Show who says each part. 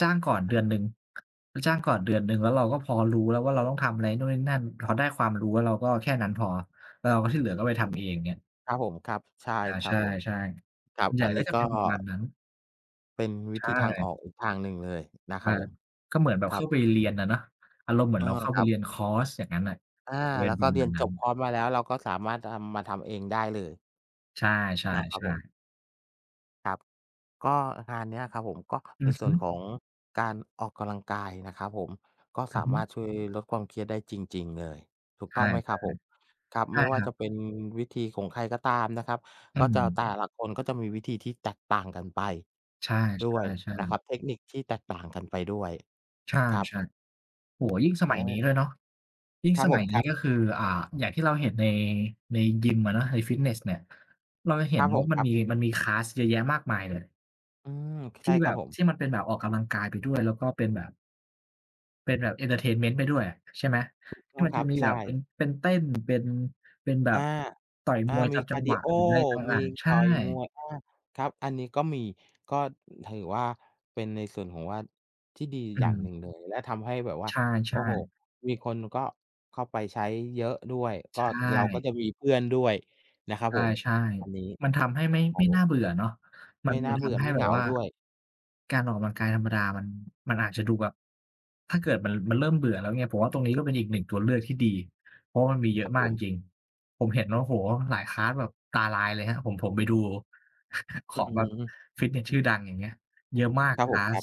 Speaker 1: จ้างก่อนเดือนหนึ่ง จ้างก่อนเดือนหนึ่ง แล้วเราก็พอรู้แล้วว่าเราต้องทำอะไรนู่นนี่นั่น พอได้ความรู้แล้วเราก็แค่นั้นพอ แล้วที่เหลือก็ไป
Speaker 2: เ
Speaker 1: ท
Speaker 2: ออ
Speaker 1: ำเอง เงี้ย
Speaker 2: ครับผมครับ ใช่
Speaker 1: อา
Speaker 2: ค
Speaker 1: ใ
Speaker 2: ร
Speaker 1: ช
Speaker 2: ับ
Speaker 1: ่
Speaker 2: ผม คร
Speaker 1: ๆ
Speaker 2: ั
Speaker 1: ส่
Speaker 2: บ
Speaker 1: วนใหญ
Speaker 2: อ
Speaker 1: ่
Speaker 2: ัน
Speaker 1: ก
Speaker 2: น
Speaker 1: ็
Speaker 2: ี้
Speaker 1: จะ
Speaker 2: ก
Speaker 1: เ
Speaker 2: ็
Speaker 1: ป็นประมาณนั้น
Speaker 2: เป็น
Speaker 1: ใ
Speaker 2: ว
Speaker 1: ช
Speaker 2: ิธีทางอ
Speaker 1: ่
Speaker 2: อกอีกทางหนึ่งเลยนะ
Speaker 1: ใช
Speaker 2: คร
Speaker 1: ่
Speaker 2: ับผม
Speaker 1: ก็เหมือนแบบ
Speaker 2: คร
Speaker 1: เ
Speaker 2: ั
Speaker 1: ข้า
Speaker 2: บ
Speaker 1: ไปเรียนอะเนาะ อารมณ์เหมือ
Speaker 2: เอ
Speaker 1: น
Speaker 2: อ
Speaker 1: เราเข้า
Speaker 2: ค
Speaker 1: ไป
Speaker 2: รั
Speaker 1: เ
Speaker 2: บ
Speaker 1: รียนคอร์สอย่างงั้นน่ะ
Speaker 2: อา
Speaker 1: จะเป็
Speaker 2: แล
Speaker 1: น
Speaker 2: ้ว
Speaker 1: ป
Speaker 2: ก
Speaker 1: ร
Speaker 2: ็
Speaker 1: ะ
Speaker 2: เ
Speaker 1: ม
Speaker 2: ร
Speaker 1: า
Speaker 2: ีย
Speaker 1: ณ
Speaker 2: น
Speaker 1: นั
Speaker 2: จ
Speaker 1: ้น
Speaker 2: บคอร์สมาแล้ว เราก็สามารถทำ มาทำเองได้เลย
Speaker 1: ใช่
Speaker 2: นะครับผม
Speaker 1: ๆ ๆ
Speaker 2: ครับ ก็งานเนี้ยครับผม ก็
Speaker 1: อ
Speaker 2: ใน
Speaker 1: ือ
Speaker 2: ส
Speaker 1: ฮ
Speaker 2: ่ว
Speaker 1: ึ
Speaker 2: นของการออกกำลังกายนะครับผม ก็
Speaker 1: อ
Speaker 2: ส
Speaker 1: ือ
Speaker 2: า
Speaker 1: ฮ
Speaker 2: ม
Speaker 1: ึ
Speaker 2: ารถ ช่วยลดความเครียดได้จริง ๆ เลย ถูก
Speaker 1: ใช
Speaker 2: ต้อ
Speaker 1: ่
Speaker 2: งไหมครับผม? ครับ
Speaker 1: ๆ ใช
Speaker 2: ไ
Speaker 1: ่
Speaker 2: ม่ว่
Speaker 1: ค
Speaker 2: า
Speaker 1: รั
Speaker 2: จะ
Speaker 1: บ
Speaker 2: เป็นวิธีของใครก็ตามนะครับ
Speaker 1: อื
Speaker 2: ก็จะแ
Speaker 1: ม
Speaker 2: ต่ละคนก็จะมีวิธีที่แตกต่างกันไป
Speaker 1: ใช
Speaker 2: ด้วย
Speaker 1: ่
Speaker 2: นะครั
Speaker 1: ๆ ๆ
Speaker 2: บ เทคนิคที่แตกต่างกันไปด้วย
Speaker 1: ใช่
Speaker 2: ครับ ผ
Speaker 1: ๆ โอ้โฮ ยิ่งสม
Speaker 2: อ
Speaker 1: ัยนี้
Speaker 2: า
Speaker 1: ด้วยเนาะ ยิ่ง
Speaker 2: ครั
Speaker 1: ส
Speaker 2: บผ
Speaker 1: มั
Speaker 2: ม
Speaker 1: ยน
Speaker 2: ค
Speaker 1: ี้
Speaker 2: รับ
Speaker 1: ก็คือ อ่า อย่างที่เราเห็นใน ในยิมอะเนาะ ในฟิตเนสเนี่ย เราจะเห
Speaker 2: ค
Speaker 1: ็
Speaker 2: ร
Speaker 1: น
Speaker 2: ับผ
Speaker 1: ว่
Speaker 2: ม
Speaker 1: ามั
Speaker 2: ค
Speaker 1: น
Speaker 2: รั
Speaker 1: ม
Speaker 2: บ
Speaker 1: ี มันมี คลาส เยอะแยะมากมายเลย
Speaker 2: อืม
Speaker 1: ท
Speaker 2: ใช
Speaker 1: ี
Speaker 2: ่
Speaker 1: ่
Speaker 2: ค
Speaker 1: แบ
Speaker 2: รับ
Speaker 1: บ
Speaker 2: ผ
Speaker 1: ท
Speaker 2: ม
Speaker 1: ี่มันเป็นแบบออกกำลังกายไปด้วย แล้วก็เป็นแบบ เป็นแบบเอนเทอร์เทนเมนต์ไปด้วยอะ ใช่ไหม
Speaker 2: ถูก
Speaker 1: ท
Speaker 2: ต
Speaker 1: ี่
Speaker 2: ้อง
Speaker 1: มัน
Speaker 2: ค
Speaker 1: จ
Speaker 2: ร
Speaker 1: ะ
Speaker 2: ับ
Speaker 1: มี
Speaker 2: ใช
Speaker 1: แบบเป
Speaker 2: ่
Speaker 1: ็น เป็นเต้น เป็น เป็นแบ
Speaker 2: อา
Speaker 1: บต่อย
Speaker 2: อา
Speaker 1: มวย
Speaker 2: ม
Speaker 1: ต
Speaker 2: ี
Speaker 1: าม
Speaker 2: ค
Speaker 1: จั
Speaker 2: าร
Speaker 1: ง
Speaker 2: ์ด
Speaker 1: ห
Speaker 2: ี
Speaker 1: วะ
Speaker 2: โอ
Speaker 1: หรือไรต
Speaker 2: ม
Speaker 1: ่
Speaker 2: ี
Speaker 1: าง ๆ ใช
Speaker 2: ต
Speaker 1: ่
Speaker 2: ่อยมวย อา ครับ อันนี้ก็มี ก็ถือว่าเป็นในส่วนของว่า ที่ดี
Speaker 1: อื
Speaker 2: อย่างหน
Speaker 1: ม
Speaker 2: ึ่งเลย และทำให้แบบว่า
Speaker 1: ใ
Speaker 2: โ
Speaker 1: ช
Speaker 2: อ้
Speaker 1: ่
Speaker 2: โฮ
Speaker 1: ๆ
Speaker 2: มีคนก็เข้าไปใช้เยอะด้วย
Speaker 1: ใ
Speaker 2: ก
Speaker 1: ช
Speaker 2: ็เราก
Speaker 1: ่
Speaker 2: ็จะมีเพื่อนด้วยนะครั
Speaker 1: ใ
Speaker 2: บผม
Speaker 1: ช่
Speaker 2: อันนี้
Speaker 1: ๆ มันทำให้ไม่
Speaker 2: ครั
Speaker 1: ไม
Speaker 2: บ
Speaker 1: ่
Speaker 2: ผ
Speaker 1: น่
Speaker 2: ม
Speaker 1: าเบื่อเนาะ ม
Speaker 2: ไ
Speaker 1: ั
Speaker 2: ม
Speaker 1: น
Speaker 2: ่น
Speaker 1: ม
Speaker 2: ่
Speaker 1: ั
Speaker 2: า
Speaker 1: น
Speaker 2: เ
Speaker 1: ท
Speaker 2: บื่อ
Speaker 1: ำให้
Speaker 2: ไม่
Speaker 1: แ
Speaker 2: เ
Speaker 1: บ
Speaker 2: หง
Speaker 1: บ
Speaker 2: า
Speaker 1: ว่า
Speaker 2: ด้วย
Speaker 1: การออกกำลังกายธรรมดา มัน มันอาจจะดูแบบ ถ้าเกิดมัน มันเริ่มเบื่อแล้วเนี่ย ผมว่าตรงนี้ก็เป็นอีกหนึ่งตัวเลือกที่ดี เพราะมันมีเยอ
Speaker 2: คร
Speaker 1: ะ
Speaker 2: ับ
Speaker 1: มา
Speaker 2: ผ
Speaker 1: กจ
Speaker 2: ม
Speaker 1: ริง ๆ ผมเห็น โอ้โฮ หลาย คลาส แบบตาลายเลยครับ ผม ผมไปดู ข
Speaker 2: อือ
Speaker 1: อง
Speaker 2: ฮ
Speaker 1: แบ
Speaker 2: ึ
Speaker 1: บฟิตเนส
Speaker 2: อ
Speaker 1: ช
Speaker 2: ื
Speaker 1: ื่
Speaker 2: อ
Speaker 1: อดังอย่างเงี้ย เยอะมาก
Speaker 2: ครับ
Speaker 1: ค
Speaker 2: ผ
Speaker 1: ล
Speaker 2: ม
Speaker 1: า
Speaker 2: ค
Speaker 1: ส
Speaker 2: รับ